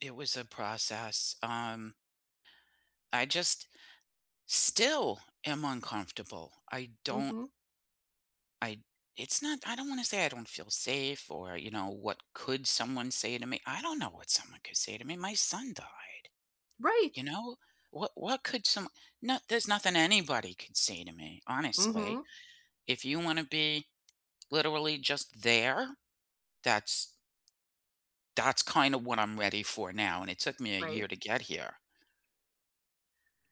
It was a process, um I just still am uncomfortable. I don't Mhm. I it's not I don't wanna say I don't feel safe or, you know, what could someone say to me. I don't know what someone could say to me; my son died, Right you know, what what could some no, there's nothing anybody could say to me, honestly. Mhm. If you wanna be literally just there, that's that's kinda what I'm ready for now, and it took me a Right. year to get here.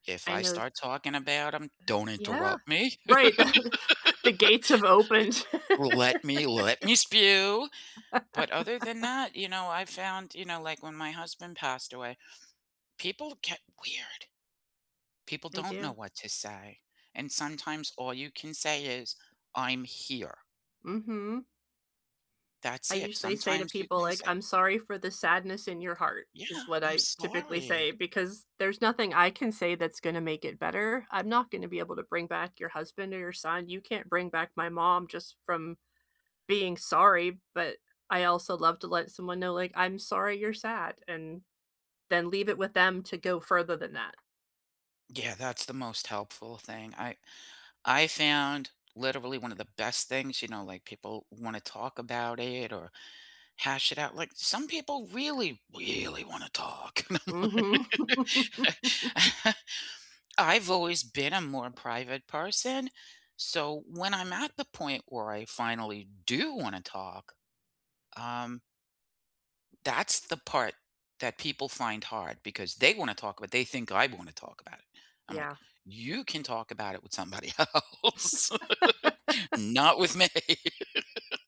If I I know s start talking about 'em, don't Yeah, interrupt me. right, the the gates have opened. Let me let me spew, but other than that, you know, I found, you know, like when my husband passed away, people get weird. People They don't know do. what to say, and sometimes all you can say is, "I'm here." Mhm. I That's it, usually say to sometimes you people, can like, say "I'm sorry for the sadness in your heart," Yeah, is what I'm I typically say, sorry. because there's nothing I can say that's gonna make it better. I'm not gonna be able to bring back your husband or your son. You can't bring back my mom just from being sorry, but I also love to let someone know, like, "I'm sorry you're sad," and then leave it with them to go further than that. Yeah, that's the most helpful thing. I I found literally one of the best things, you know, like people wanna talk about it or hash it out. Like some people really, really wanna talk. Mhm. I've always been a more private person, so when I'm at the point where I finally do wanna talk, um that's the part that people find hard because they wanna talk about they think I wanna talk about it. I'm, like, Yeah. "You can talk about it with somebody else, not with me.